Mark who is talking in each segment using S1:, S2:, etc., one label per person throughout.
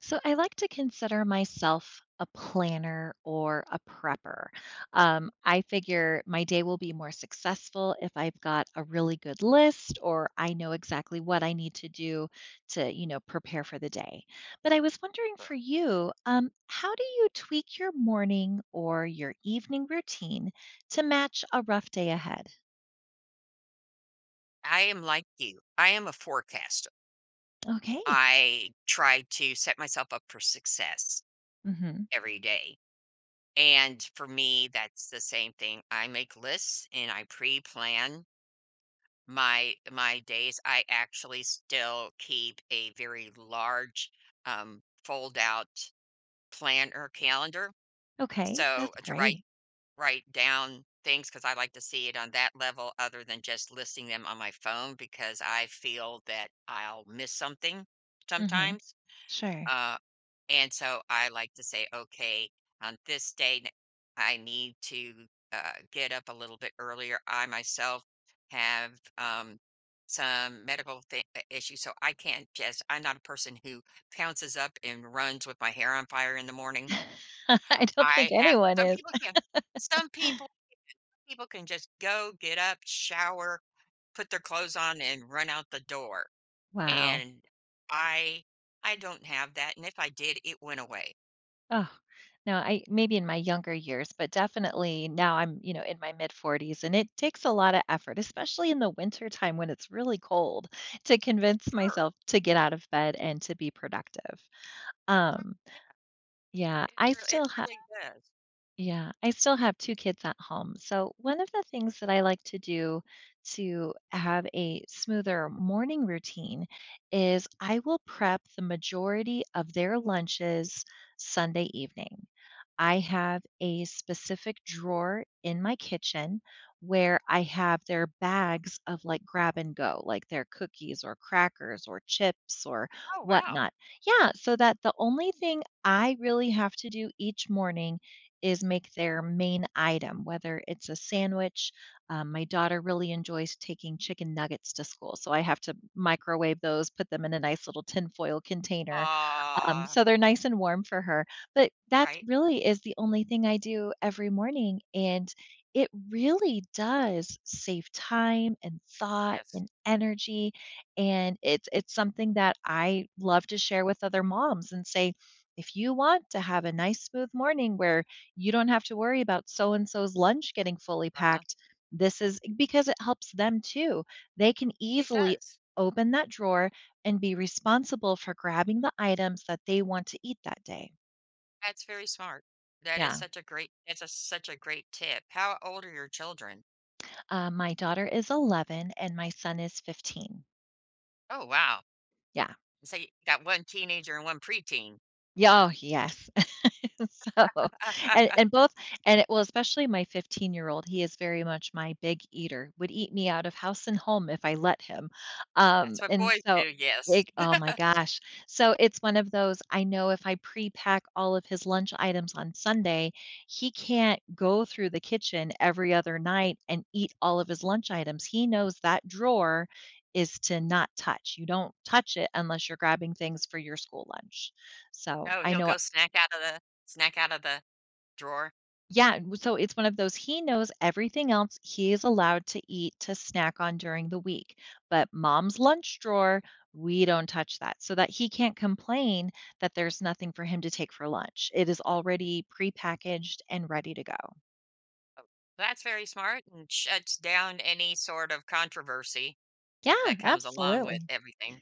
S1: So I like to consider myself a planner or a prepper, um, I figure my day will be more successful if I've got a really good list or I know exactly what I need to do to, you know, prepare for the day, but I was wondering
S2: Sure.
S1: for you, um, how do you tweak your morning or your evening routine to match a rough day ahead?
S2: I am like you, I am a forecaster.
S1: Okay.
S2: I try to set myself up for success
S1: Mhm.
S2: every day, and for me, that's the same thing, I make lists, and I preplan my my days, I actually still keep a very large, um, fold-out planner calendar,
S1: Okay,
S2: so,
S1: that's
S2: to write
S1: great.
S2: write down things 'cause I like to see it on that level other than just listing them on my phone because I feel that I'll miss something
S1: Mhm,
S2: sometimes,
S1: sure.
S2: uh, and so I like to say, "Okay, on this date, I need to, uh, get up a little bit earlier, I myself have, um, some medical thing uh, issues, so I can't just I'm not a person who pounces up and runs with my hair on fire in the morning.
S1: I don't
S2: I
S1: think
S2: have
S1: anyone
S2: some
S1: is.
S2: people can, some people can some people can just go, get up, shower, put their clothes on, and run out the door,
S1: Wow.
S2: and I I don't have that, and if I did, it went away.
S1: No, I maybe in my younger years, but definitely now I'm, you know, in my mid 40s, and it takes a lot of effort, especially in the wintertime when it's really cold, to
S2: S
S1: convince
S2: sure.
S1: myself to get out of bed and to be productive.
S2: Oh,
S1: Um
S2: yeah.
S1: Yeah.
S2: It
S1: I
S2: re it
S1: still ha
S2: really does.
S1: Yeah. I still have 2 kids at home, so, one of the things that I like to do, to have a smoother morning routine, is I will prep the majority of their lunches Sunday evening. I have a specific drawer in my kitchen where I have their bags of, like, grab and go, like their cookies, or crackers, or chips, or
S2: Oh, wow.
S1: whatnot. Yeah, so that the only thing I really have to do each morning is make their main item, whether it's a sandwich, um my daughter really enjoys taking chicken nuggets to school, so I have to microwave those, put them in a nice little tinfoil container, um,
S2: Aw.
S1: so they're nice and warm for her, but, that
S2: Right.
S1: really is the only thing I do every morning, and it really does save time, and thought,
S2: Yes.
S1: and energy, and it's it's something that I love to share with other moms and say, "If you want to have a nice smooth morning, where you don't have to worry about so-and-so's lunch getting fully
S2: Uh-huh.
S1: packed, this is" Because it helps them, too. They can
S2: It
S1: easily
S2: does.
S1: open that drawer, and be responsible for grabbing the items that they want to eat that day.
S2: That's very smart, that is
S1: Yeah.
S2: such a great it's a such a great tip, how old are your children?
S1: Uh, my daughter is 11, and my son is 15.
S2: Oh, wow.
S1: Yeah.
S2: So you got 1 teenager and 1 preteen.
S1: Oh, yes. So, and and both and it well, especially my fifteen-year-old, he is very much my big eater, would eat me out of house and home if I let him,
S2: That's
S1: um,
S2: what
S1: and
S2: boys
S1: so
S2: do, yes.
S1: like, oh my gosh, so it's one of those, I know if I prepack all of his lunch items on Sunday, he can't go through the kitchen every other night and eat all of his lunch items, he knows that drawer is to not touch, you don't touch it unless you're grabbing things for your school lunch, so
S2: Oh,
S1: I
S2: he'll
S1: know
S2: go snack out of the snack out of the drawer?
S1: Yeah, well so it's one of those he knows everything else he is allowed to eat to snack on during the week, but mom's lunch drawer, we don't touch that, so that he can't complain that there's nothing for him to take for lunch, it is already prepackaged and ready to go.
S2: Oh, that's very smart and shuts down any sort of controversy
S1: Yeah,
S2: that comes along with
S1: absolutely.
S2: everything,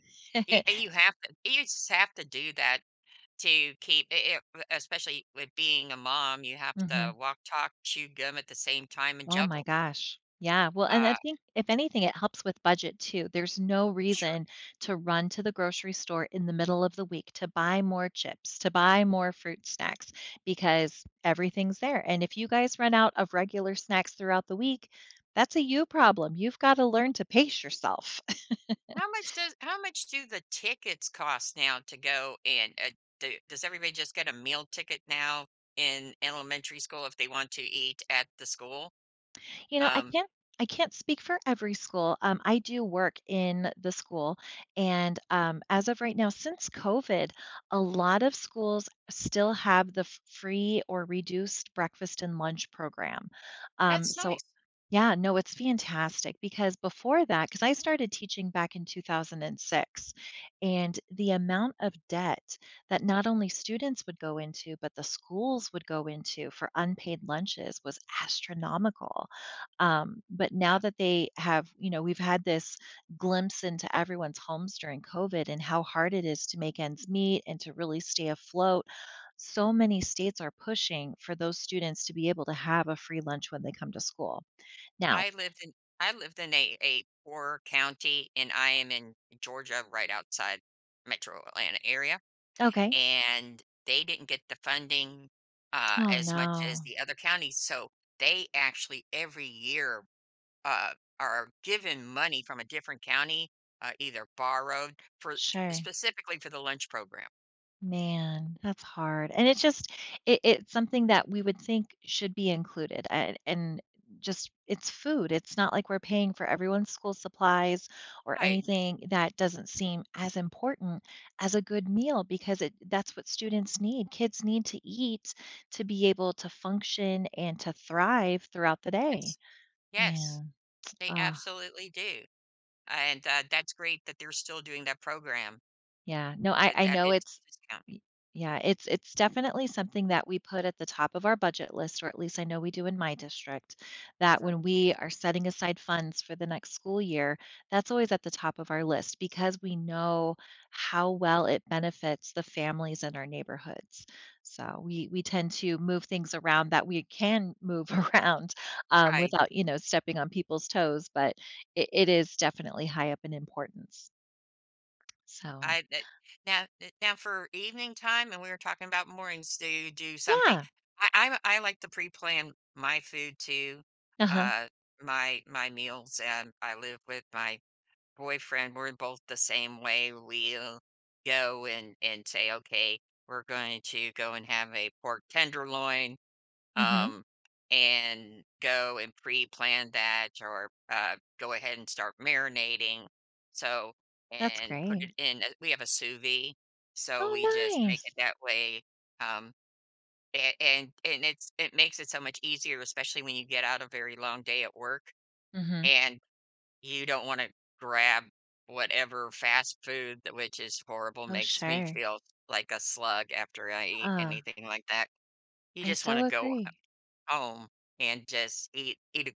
S2: a and you have to you just have to do that to keep i it, uh, especially with being a mom, you have to
S1: Mhm.
S2: walk, talk, chew gum at the same time and
S1: Oh my
S2: juggle.
S1: gosh, yeah, well and I
S2: Uh
S1: think if anything, it helps with budget too, there's no
S2: Sure.
S1: reason to run to the grocery store in the middle of the week to buy more chips, to buy more fruit snacks because everything's there, and if you guys run out of regular snacks throughout the week, that's a you problem, you've gotta learn to pace yourself.
S2: How much does how much do the tickets cost now to go in, u h, do does everybody just get a meal ticket now in elementary school if they want to eat at the school,
S1: You know, I
S2: um
S1: can't I can't speak for every school, um, I do work in the school, and, um, as of right now, since COVID, a lot of schools still have the f free or reduced breakfast and lunch program, um,
S2: That's
S1: so
S2: nice.
S1: Yeah, no, it's fantastic, because before that 'cause I started teaching back in 2006, and the amount of debt that not only students would go into, but the schools would go into for unpaid lunches was astronomical, um, but now
S2: Yeah.
S1: that they have, you know we've had this glimpse into everyone's homes during COVID and how hard it is to make ends meet and to really stay afloat, so many states are pushing for those students to be able to have a free lunch when they come to school, now
S2: I lived in I lived in a a poor county, and I am in Georgia right outside Metro Atlanta area,
S1: Okay.
S2: and they didn't get the funding, uh,
S1: Oh,
S2: as much as
S1: no.
S2: the other counties, so they actually, every year, uh, are given money from a different county, uh, either borrowed for
S1: Sure.
S2: specifically for the lunch program.
S1: Man, that's hard. And it's just it it's something that, we would think, should be included, a a and just it's food. It's not like we're paying for everyone's school supplies or
S2: Right.
S1: anything that doesn't seem as important as a good meal because it that's what students need. Kids need to eat to be able to function and to thrive throughout the day.
S2: Yes. Yes.
S1: Man,.
S2: They absolutely do. And, uh, that's great that they're still doing that program.
S1: Yeah. No, I
S2: Uh,
S1: I
S2: that
S1: know
S2: it's
S1: it's
S2: a discount.
S1: Y yeah, it's it's definitely something that we put at the top of our budget list- or at least I know we do in my district- that
S2: Mhm.
S1: when we are setting aside funds for the next school year, that's always at the top of our list. Because we know how well it benefits the families in our neighborhoods. So we we tend to move things around that we can move around, um,
S2: Right.
S1: without, you know, stepping on people's toes, but it it is definitely high up in importance. So
S2: I bet. Now, eh, now for evening time, and we were talking about mornings, do you do something
S1: Yeah.
S2: I I'm a I like to preplan my food too,
S1: Uh-huh.
S2: uh, my my meals, and I live with my boyfriend. We're both the same way, we'll go and and say, "Okay, we're going to go and have a pork tenderloin,"
S1: Mhm.
S2: um, and go and preplan that, or, uh, go ahead and start marinating. So
S1: That's
S2: and put it
S1: great.
S2: in a we have a sous vide, so we
S1: Oh,
S2: just make it
S1: nice.
S2: that way, um, a and and it's it makes it so much easier, especially when you get out a very long day at work.
S1: Mhm.
S2: And you don't wanna grab whatever fast food tha which is horrible,
S1: Oh,
S2: makes me
S1: sure.
S2: feel like a slug after I eat
S1: Ah.
S2: anything like that. You
S1: I
S2: just
S1: so
S2: wanna go, uh,
S1: agree.
S2: home and just eat eat a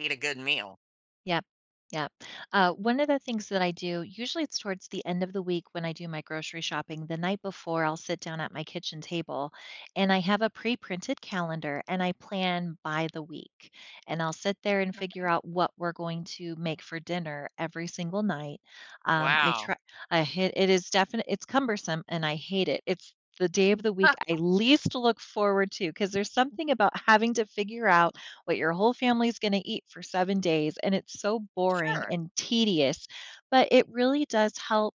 S2: eat a good meal.
S1: Yep. Yep. Uh, one of the things that I do, usually it's towards the end of the week when I do my grocery shopping the night before, I'll sit down at my kitchen table, and I have a preprinted calendar, and I plan by the week. And I'll sit there and figure
S2: okay.
S1: out what we're going to make for dinner every single night. Um, I
S2: Wow.
S1: try I hi it is definite it's cumbersome, and I hate it. It's the day of the week I least look forward to 'cause there's something about having to figure out what your whole family's gonna eat for 7 days, and it's so boring
S2: Sure.
S1: and tedious. But it really does help,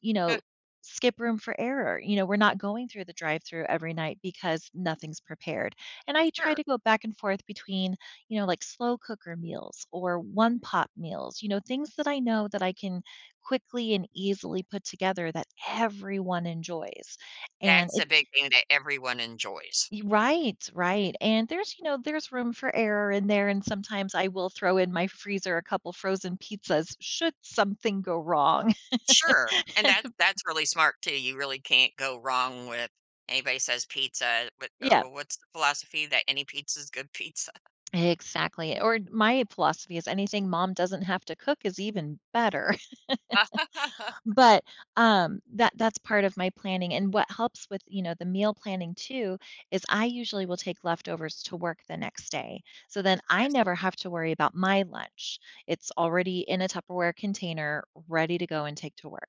S1: you know, skip room for error. You know, we're not going through the drive-through every night because nothing's prepared. And I try
S2: Sure.
S1: to go back and forth between, you know, like, slow-cooker meals or one-pot meals, you know, things that I know that I can quickly and easily put together that everyone enjoys. And
S2: That's
S1: it
S2: a big thing that everyone enjoys.
S1: Y right, right, and there's, you know, there's room for error in there, and sometimes I will throw in my freezer a couple frozen pizzas should something go wrong.
S2: Sure. And that that's really smart too, you really can't go wrong with anybody says "pizza," but, uh,
S1: Yep.
S2: w what's the philosophy that any pizza is good pizza?
S1: Exactly, or my philosophy is anything mom doesn't have to cook is even better. But, um, that that's part of my planning and what helps with, you know, the meal planning too is I usually will take leftovers to work the next day, so then I
S2: Yes.
S1: never have to worry about my lunch. It's already in a Tupperware container ready to go and take to work.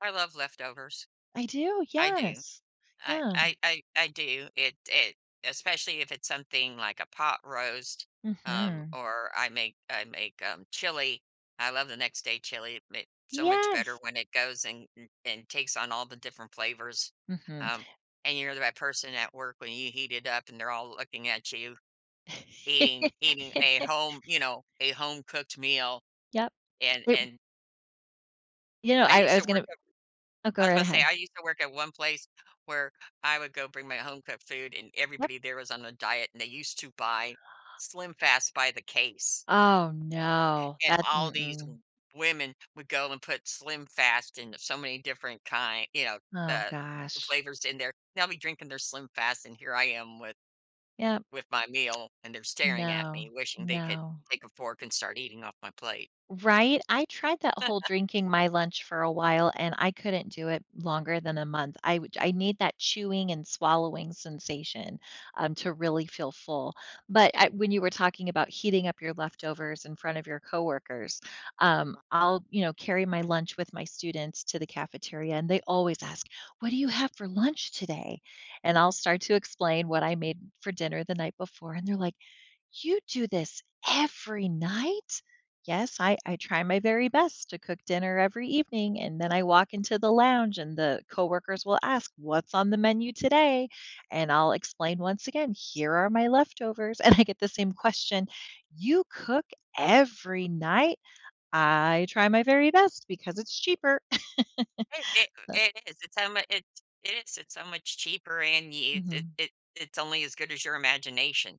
S2: I love leftovers,
S1: I do,
S2: I do.
S1: yes,
S2: I
S1: yeah.
S2: I I I do. It it especially if it's something like a pot roast, um,
S1: Mhm.
S2: or I make I make, um, chili, I love the next-day chili, it makes so much better
S1: Yes.
S2: when it goes and and takes on all the different flavors,
S1: Mhm.
S2: um, and you're the right person at work when you heat it up, they're all looking at you, eating eating a home, you know, a home-cooked meal,
S1: Yep.
S2: and
S1: It
S2: and
S1: You know,
S2: I
S1: I I
S2: used to
S1: was
S2: work
S1: gonna
S2: at
S1: Oh, go
S2: I was about
S1: right
S2: to say,
S1: ahead.
S2: I used to work at one place where I would go bring my home-cooked food, and
S1: Yep.
S2: everybody there was on a diet, and they used to buy, SlimFast by the case.
S1: Oh, no.
S2: And
S1: That
S2: all these
S1: mm-mm.
S2: w women would go and put SlimFast in so many different kind you know,
S1: Oh
S2: the
S1: gosh.
S2: flavors in there. They'll be drinking their SlimFast, and here I am with
S1: Yep.
S2: with my meal, and they're staring at me
S1: No,
S2: wishing they could
S1: no.
S2: take a fork and start eating off my plate.
S1: Right? I tried that whole drinking my lunch for a while, and I couldn't do it longer than a month. I w I need that chewing and swallowing sensation, um to really feel full, but I when you were talking about heating up your leftovers in front of your coworkers, um, I'll, you know, carry my lunch with my students to the cafeteria, and they always ask, "What do you have for lunch today?" and I'll start to explain what I made for dinner the night before, and they're like, "You do this every night?" "Yes, I I try my very best to cook dinner every evening," and then I walk into the lounge, and the coworkers will ask, "What's on the menu today?" and I'll explain once again, "Here are my leftovers," and I get the same question. "You cook every night?" "I try my very best because it's cheaper,"
S2: I i
S1: but
S2: it is, it's so much it's it is. It's so much cheaper, and you it
S1: Mhm.
S2: it it's only as good as your imagination.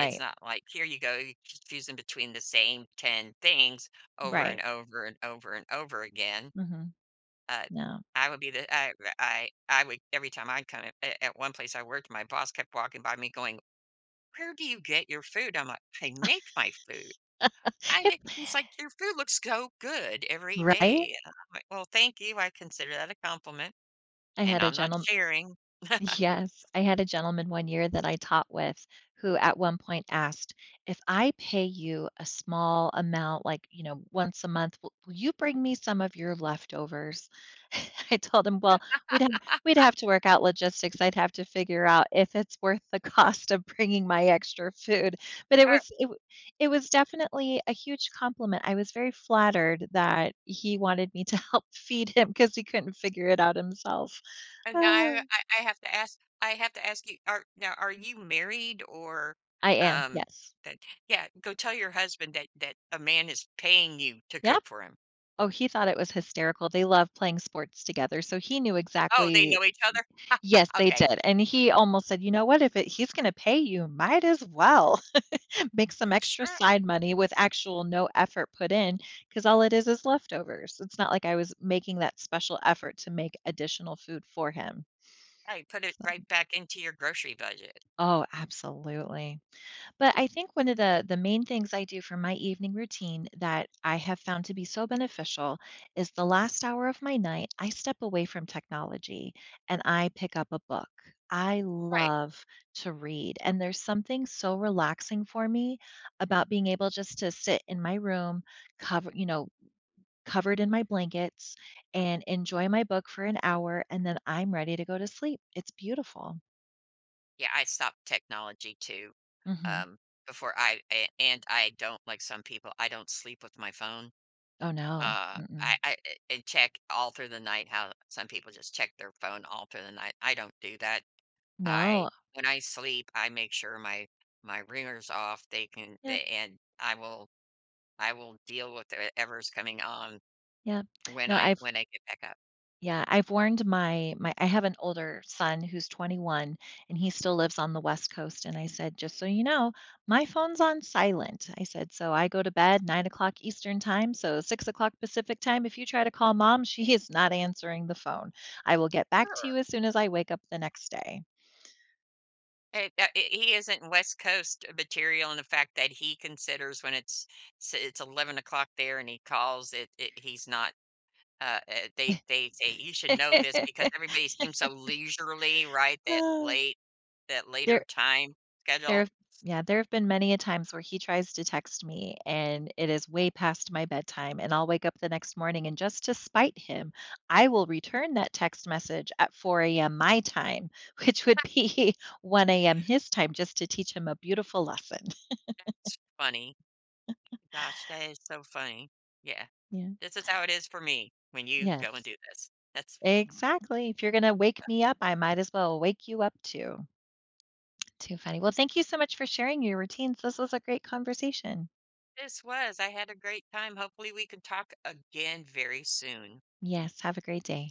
S2: It's not like, "Here you go, you're just choosing between the same 10 things over and
S1: Right.
S2: over and over and over again,"
S1: Mhm.
S2: but,
S1: No.
S2: I would be the I I I would every time I'd come, a at one place I worked, my boss kept walking by me going, "Where do you get your food?" I'm like, "I make my food, I
S1: H
S2: make" He's like, "Your food looks so good every
S1: Right?
S2: day!" and I'm like, "Well, thank you, I consider that a compliment
S1: I
S2: and
S1: had a
S2: I'm not
S1: gentlem
S2: sharing."
S1: Yes. I had a gentleman, one year, that I taught with, who at one point asked, "If I pay you a small amount, like, you know, once a month, w will you bring me some of your leftovers?" I told him, "Well, we'd have we'd have to work out logistics. I'd have to figure out if it's worth the cost of bringing my extra food." But it
S2: Are
S1: was it w it was definitely a huge compliment, I was very flattered that he wanted me to help feed him 'cause he couldn't figure it out himself.
S2: And now I I have to ask I have to ask you. Are now, are you married? Or,
S1: I am.
S2: Um,
S1: Yes.
S2: that Yeah. Go tell your husband that that a man is paying you to
S1: Yeah.
S2: cook for him.
S1: Oh, he thought it was hysterical, they love playing sports together, so he knew
S2: Oh, they
S1: exactly
S2: know each other?
S1: Yes, they
S2: Okay.
S1: did. And he almost said, "You know what? If it he's gonna pay you, might as well make some extra
S2: Sure.
S1: side money with actual no effort put in 'cause all it is, is leftovers." It's not like I was making that special effort to make additional food for him.
S2: Right put it
S1: So
S2: right back into your grocery budget.
S1: Oh, absolutely, but I think one of the the main things I do for my evening routine that I have found to be so beneficial is the last hour of my night, I step away from technology, and I pick up a book. I
S2: Right.
S1: love to read, and there's something so relaxing for me about being able just to sit in my room cover you know, covered in my blankets and enjoy my book for an hour, and then I'm ready to go to sleep, it's beautiful.
S2: Yeah, I stopped technology too,
S1: Mhm.
S2: um, before I a and I don't like, some people, I don't sleep with my phone,
S1: Oh, no,
S2: uh,
S1: mm-mm.
S2: I I, eh, and check all through the night, how some people just check their phone all through the night, I don't do that, I
S1: No
S2: when I sleep I make sure my my ringer's off. They can
S1: Yep.
S2: a and I will I will deal with, er, 'ever's coming on
S1: Yep.
S2: when
S1: No,
S2: I
S1: I've
S2: when I get back up.
S1: Yeah, I've warned my my I have an older son, who's 21, and he still lives on the West Coast, and I said, "Just so you know, my phone's on silent," I said, "so I go to bed 09:00 Eastern Time, so 06:00 Pacific time if you try to call Mom, she is not answering the phone, I will get back to
S2: Sure.
S1: you as soon as I wake up the next day."
S2: He that h he isn't West Coast material in the fact that he considers when it's it's 11:00 there and he calls. It it he's not, uh, er, they they they, usually know this because everybody seems so leisurely, right, that late that later
S1: There
S2: time schedule.
S1: There've Yeah, there have been many a times where he tries to text me and it is way past my bedtime, and I'll wake up the next morning and just to spite him, I will return that text message at 4:00 AM my time, which would be 1:00 AM his time just to teach him a beautiful lesson.
S2: That's funny, gosh, that is so funny. Yeah.
S1: Yeah.
S2: This is how it is for me when you
S1: Yes.
S2: go and do this. That's f
S1: Exactly, if you're gonna wake me up, I might as well wake you up too. Too funny. Well, thank you so much for sharing your routines, this was a great conversation.
S2: This was, I had a great time, hopefully, we could talk again very soon.
S1: Yes, have a great day.